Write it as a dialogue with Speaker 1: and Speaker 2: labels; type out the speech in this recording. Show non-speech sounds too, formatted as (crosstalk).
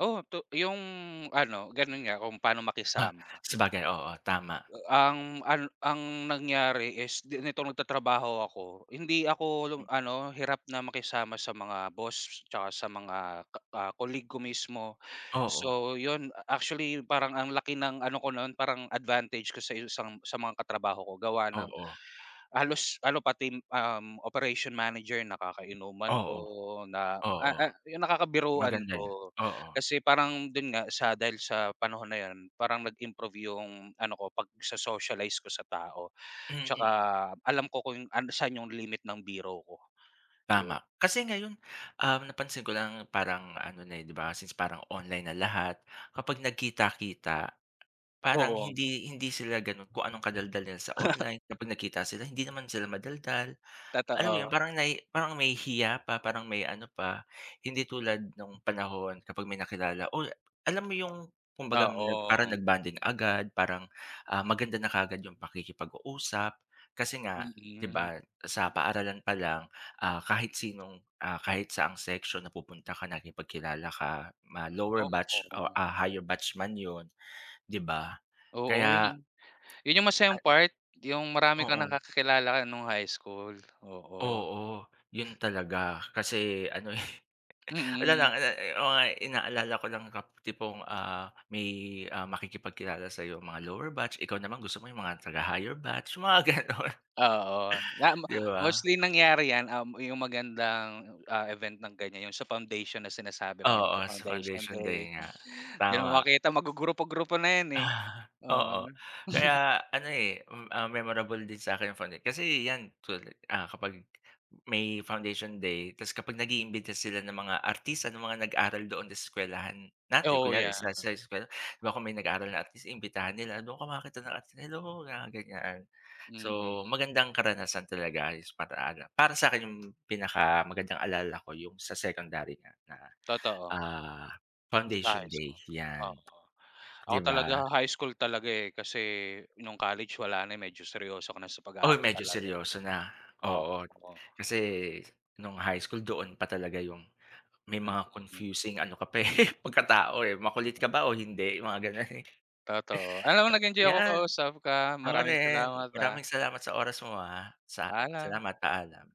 Speaker 1: Oo, to yung ano ganon nga kung paano
Speaker 2: Ah,
Speaker 1: makisama.
Speaker 2: sabagay, oo tama.
Speaker 1: Eh, ang ano ang nangyari is ni nitong nagtatrabaho ako, hindi ako long
Speaker 2: Hmm.
Speaker 1: ano hirap na makisama sa mga boss, tsaka sa mga ka ka-colleague ko mismo.
Speaker 2: Oo.
Speaker 1: So, 'yon actually, parang ang laki ng ano ko no'n parang advantage ko sa isang sa mga katrabaho ko. Gawa ng
Speaker 2: Oo.
Speaker 1: halos ano pati, um, operation manager nakakainuman ko
Speaker 2: Oo,
Speaker 1: na, ah
Speaker 2: oo.
Speaker 1: ah, 'yong nakakabiruan
Speaker 2: Maganda 'yan,
Speaker 1: ko.
Speaker 2: oo.
Speaker 1: Kasi parang don nga sa dahil sa panahon na 'yon parang nag-improve 'yong ano ko pagso-socialize ko sa tao. Tsaka,
Speaker 2: Mm.
Speaker 1: alam ko kung an saan 'yong limit ng biro ko, yon.
Speaker 2: Tama. Kasi ngayon, um, napansin ko lang parang ano na, eh, 'di ba, since parang online na lahat, kapag nagkita-kita parang
Speaker 1: Oo.
Speaker 2: hindi hindi sila ganon kung anong kadaldalan nila sa
Speaker 1: (chuckles)
Speaker 2: online. Kapag nakita sila hindi naman sila madaldal. Alam mo 'yon
Speaker 1: Totoo.
Speaker 2: parang nai parang may hiya pa parang may ano pa. Hindi tulad nong panahon kapag may nakilala, uy, alam mo yung kumbaga parang
Speaker 1: Oo.
Speaker 2: nag-bonding agad. Parang, ah, maganda na kaagad yung pakikipag-uusap. Kasi nga, 'di
Speaker 1: Mm.
Speaker 2: ba, sa paaralan pa lang, ah, kahit sinong ah, kahit saang seksyon napupunta ka nakipagkilala ka, ma-lower batch o
Speaker 1: Oo.
Speaker 2: a higher batch man 'yon, 'di ba?
Speaker 1: Oo, eh
Speaker 2: Kaya
Speaker 1: n. 'Yon yung masayang
Speaker 2: Ay,
Speaker 1: part. Yung marami
Speaker 2: eh.
Speaker 1: kang
Speaker 2: Oo.
Speaker 1: nakakakilala nung high school, oo.
Speaker 2: Oo, 'yon talaga kasi ano, eh, (chuckles) wala
Speaker 1: Mm.
Speaker 2: lang i ne o ngay inaalala ko lang kap tipong, ah, may, ah, makikipagkilala sa'yo, mga lower batch ikaw naman gusto mo yung mga taga-higher batch, yung mga ganon.
Speaker 1: Oo, nam
Speaker 2: 'Di ba?
Speaker 1: mostly nangyari 'yan, um, yung magandang, oh, ah, event ng ganyan, 'yong sa foundation na sinasabi mo yung
Speaker 2: Oo,
Speaker 1: mga
Speaker 2: sa
Speaker 1: foundation
Speaker 2: foundation
Speaker 1: day.
Speaker 2: day nga,
Speaker 1: Di na
Speaker 2: tama.
Speaker 1: makita mago-grupo-grupo na yan, eh.
Speaker 2: Ah,
Speaker 1: Oo,
Speaker 2: oo
Speaker 1: 'no? (chuckles)
Speaker 2: kaya ano, eh, hmm, ah, memorable din sa'kin founda kasi yan tula ah, kapag may foundation day tapos kapag nag-iimbita sila ng mga artista ng mga nag-aral do'n sa eskuwelahan natin,
Speaker 1: Oo,
Speaker 2: kunyari
Speaker 1: yeah.
Speaker 2: sa, sa eskuwela, 'di ba? Kung may nag-aaral na artist imbitahan nila, doon ka makita ng artista, "Hello," mga ganyan. So,
Speaker 1: Mm.
Speaker 2: magandang karanasan talaga is para ano para sa'kin 'yong pinakamagandang alala ko yung sa secondary nga na,
Speaker 1: Totoo.
Speaker 2: ah,
Speaker 1: Sa
Speaker 2: foundation
Speaker 1: high
Speaker 2: day
Speaker 1: school,
Speaker 2: 'yan,
Speaker 1: oo. Ako
Speaker 2: 'di
Speaker 1: talaga
Speaker 2: ba?
Speaker 1: high school talaga, eh, kasi nung college wala na, eh, medyo seryoso ka na sa
Speaker 2: Uy,
Speaker 1: pag-aaral
Speaker 2: medyo
Speaker 1: talaga, eh,
Speaker 2: seryoso na. Oo,
Speaker 1: opo.
Speaker 2: kasi nong high school doon pa talaga yung may mga
Speaker 1: Mm.
Speaker 2: confusing ano ka pa, eh, (chuckles) pagkatao, eh. Makulit ka ba o hindi yung mga ganon.
Speaker 1: Totoo, alam mo
Speaker 2: (chuckles)
Speaker 1: nag-enjoy ako
Speaker 2: Yan,
Speaker 1: kausap ka.
Speaker 2: ako
Speaker 1: Maraming
Speaker 2: rin
Speaker 1: salamat, ah.
Speaker 2: maraming salamat sa oras mo ha. Sa
Speaker 1: Paalam.
Speaker 2: salamat, paalam.